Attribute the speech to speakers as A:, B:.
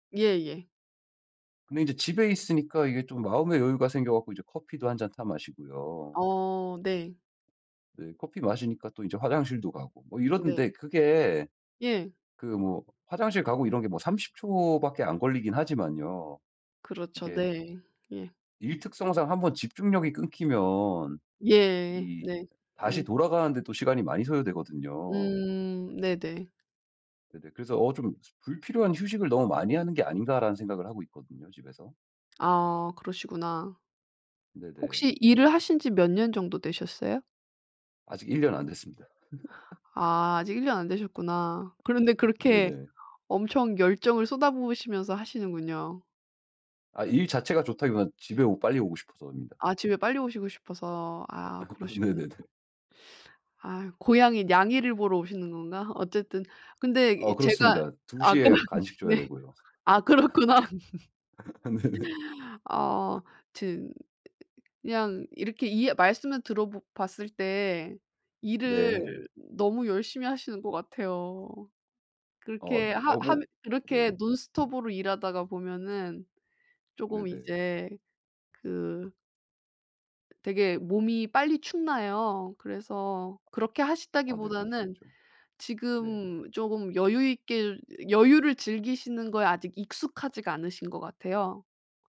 A: 예예.
B: 근데 이제 집에 있으니까 이게 좀 마음의 여유가 생겨 갖고 이제 커피도 한 잔 타 마시고요.
A: 어 네.
B: 네 커피 마시니까 또 이제 화장실도 가고 뭐
A: 네.
B: 이러는데 그게
A: 예.
B: 그 뭐 화장실 가고 이런 게 뭐 30 초 밖에 안 걸리긴 하지만요.
A: 그렇죠
B: 이게
A: 네. 예.
B: 일 특성상 한번 집중력이 끊기면
A: 예.
B: 이
A: 네.
B: 다시
A: 음.
B: 돌아가는 데 또 시간이 많이 소요되거든요.
A: 음 네네.
B: 네네. 그래서 어 '좀 불필요한 휴식을 너무 많이 하는 게 아닌가?'라는 생각을 하고 있거든요 집에서.
A: 아 그러시구나.
B: 네네.
A: 혹시 일을 하신 지 몇 년 정도 되셨어요?
B: 아직 1 년 안 됐습니다.
A: 아 아직 1 년 안 되셨구나. 그런데 그렇게
B: 네네.
A: 엄청 열정을 쏟아 부으시면서 하시는군요.
B: 아 일 자체가 좋다기보다는 집에 오 빨리 오고 싶어서입니다.
A: 아 집에 빨리 오시고 싶어서. 아 그러시구나.
B: 네네네.
A: 아 고양이 냥이를 보러 오시는 건가? 어쨌든 근데
B: 어,
A: 이 제가
B: 그렇습니다. 2
A: 아까
B: 시에 간식 줘야
A: 네.
B: 되고요.
A: 아 그렇구나.
B: 네네.
A: 아 튼 그냥 이렇게 이해 말씀을 들어 보 봤을 때 일을
B: 네.
A: 너무 열심히 하시는 것 같아요.
B: 어
A: 그렇게
B: 네 아
A: 하
B: 뭐
A: 하면 그렇게
B: 네.
A: 논스톱으로 일하다가 보면은 조금
B: 네네.
A: 이제 그 되게 몸이 빨리 축나요. 그래서 그렇게
B: 아 네 그럴 수
A: 하신다기보다는
B: 있죠. 네.
A: 지금 조금 여유 있게 여유를 즐기시는 거에 아직 익숙하지가 않으신 것 같아요.